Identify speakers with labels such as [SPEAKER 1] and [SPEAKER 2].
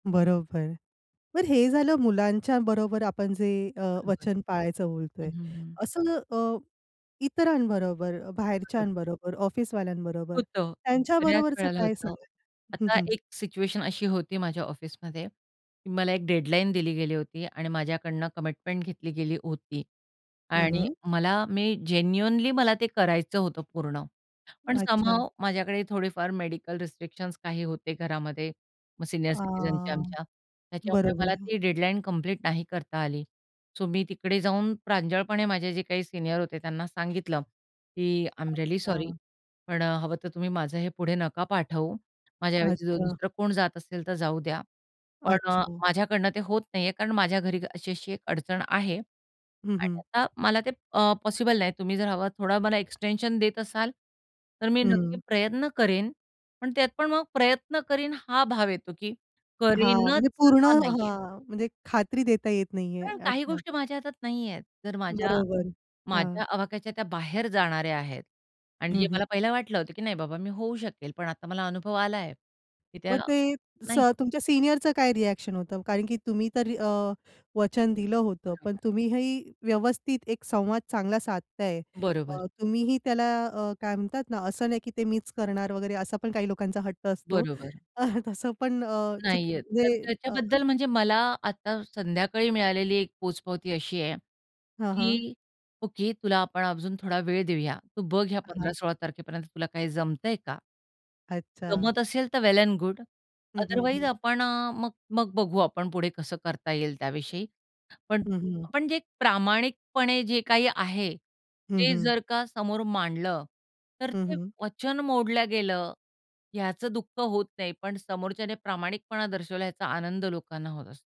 [SPEAKER 1] बरोबर. तर हे झालं मुलांच्या बरोबर आपण जे अ, वचन
[SPEAKER 2] हं,
[SPEAKER 1] पाळायचं बोलतोय.
[SPEAKER 2] हं.
[SPEAKER 1] असं अ, इतरांबरोबर,
[SPEAKER 2] [unintelligible]
[SPEAKER 1] बाहेरच्यांबरोबर, ऑफिसवाल्यांबरोबर,
[SPEAKER 2] होतं,
[SPEAKER 1] त्यांच्या
[SPEAKER 2] बऱ्याच
[SPEAKER 1] बरोबरच
[SPEAKER 2] वेळेला
[SPEAKER 1] काय
[SPEAKER 2] होतं.
[SPEAKER 1] सांगाल? हं,
[SPEAKER 2] आता
[SPEAKER 1] हं.
[SPEAKER 2] एक सिच्युएशन अशी होती माझ्या ऑफिसमध्ये, की मला एक डेडलाईन दिली गेली होती आणि माझ्याकडनं कमिटमेंट घेतली गेली होती
[SPEAKER 1] हं,
[SPEAKER 2] आणि
[SPEAKER 1] हं.
[SPEAKER 2] मला मी जेन्युइनली मला ते करायचं होतं पूर्ण, पण
[SPEAKER 1] अच्छा.
[SPEAKER 2] समहाऊ माझ्याकडे थोडेफार मेडिकल रिस्ट्रिक्शन्स काही होते घरामध्ये मग सीनियर
[SPEAKER 1] अ,
[SPEAKER 2] सिटीझनच्या आमच्या त्याच्यामुळे मला
[SPEAKER 1] बरोबर.
[SPEAKER 2] ती डेडलाईन कंप्लीट नाही करता आली. सो मी तिकडे जाऊन प्रांजळपणे माझे जे काही सीनियर होते त्यांना सांगितलं, की आय एम रिअली सॉरी
[SPEAKER 1] अच्छा.
[SPEAKER 2] पण अ, हवं तर तुम्ही माझं हे पुढे नका पाठवू माझ्या ऐवजी जर
[SPEAKER 1] अच्छा.
[SPEAKER 2] दुसरं कोण जात असेल तर जाऊ द्या, पण अ,
[SPEAKER 1] अच्छा.
[SPEAKER 2] माझ्याकडनं ते होत नाहीये, कारण माझ्या घरी अशी-अशी एक अडचण आहे
[SPEAKER 1] हं,
[SPEAKER 2] आणि
[SPEAKER 1] हं.
[SPEAKER 2] आता मला ते अ, पॉसिबल नाही तुम्ही जर हवं थोड मला एक्सटेंशन देत असाल तर मी नक्की
[SPEAKER 1] हं.
[SPEAKER 2] प्रयत्न करीन पण त्यात पण मग प्रयत्न करीन हा भाव येतो, की
[SPEAKER 1] हां
[SPEAKER 2] करीनच
[SPEAKER 1] म्हणजे पूर्ण
[SPEAKER 2] हा नाहीये.
[SPEAKER 1] हां. म्हणजे खात्री देता येत नाहीये,
[SPEAKER 2] पण काही
[SPEAKER 1] अच्छा.
[SPEAKER 2] गोष्टी माझ्या हातात नाहीयेत, तर माझ्या
[SPEAKER 1] बरोबर हां.
[SPEAKER 2] माझ्या आवाक्याच्या त्या बाहेर जाणाऱ्या आहेत आणि जे
[SPEAKER 1] हं, हं.
[SPEAKER 2] मला पहिलं वाटलं होतं की नाही बाबा मी होऊ शकेल पण आता मला अनुभव आला, की त्या
[SPEAKER 1] मग ते स
[SPEAKER 2] नाही
[SPEAKER 1] तुमच्या सीनियरचं काय रिएक्शन होतं कारण की तुम्ही तर अ, वचन दिलं होतं पण
[SPEAKER 2] बरोबर.
[SPEAKER 1] तुम्हीही व्यवस्थित एक संवाद चांगला साधताय,
[SPEAKER 2] बरोबर.
[SPEAKER 1] अ, तुम्हीही त्याला अ, काय म्हणतात ना, असं नाही की ते मीच करणार वगैरे असा पण काही लोकांचा हट्ट असतो
[SPEAKER 2] बरोबर.
[SPEAKER 1] अ, तसं पण अ, चू
[SPEAKER 2] नाहीये त
[SPEAKER 1] म्हणजे अ
[SPEAKER 2] त्याच्याबद्दल म्हणजे मला आता संध्याकाळी मिळालेली एक पोचपावती अशी आहे,
[SPEAKER 1] हां, हां.
[SPEAKER 2] की "ओके तुला आपण अजून थोडा वेळ देऊया तू बघ या
[SPEAKER 1] हां, हां.
[SPEAKER 2] 15-16 तारखेपर्यंत तुला काही जमतंय का?
[SPEAKER 1] अच्छा.
[SPEAKER 2] जमत असेल तर वेल एंड गुड
[SPEAKER 1] हं, हं,
[SPEAKER 2] अदरवाइज
[SPEAKER 1] हं.
[SPEAKER 2] आपण अ, मग मग बघू आपण पुढे कसं करता येईल त्याविषयी," पण
[SPEAKER 1] हं, हं.
[SPEAKER 2] पण जे प्रामाणिकपणे जे काही आहे
[SPEAKER 1] हं,
[SPEAKER 2] ते
[SPEAKER 1] हं.
[SPEAKER 2] जर का समोर मांडलं तर
[SPEAKER 1] हं,
[SPEAKER 2] ते
[SPEAKER 1] हं.
[SPEAKER 2] वचन मोडल्या गेलं याचं दुःख होत नाही पण समोरच्याने प्रामाणिकपणा दर्शवला याचा आनंद लोकांना होत असतो.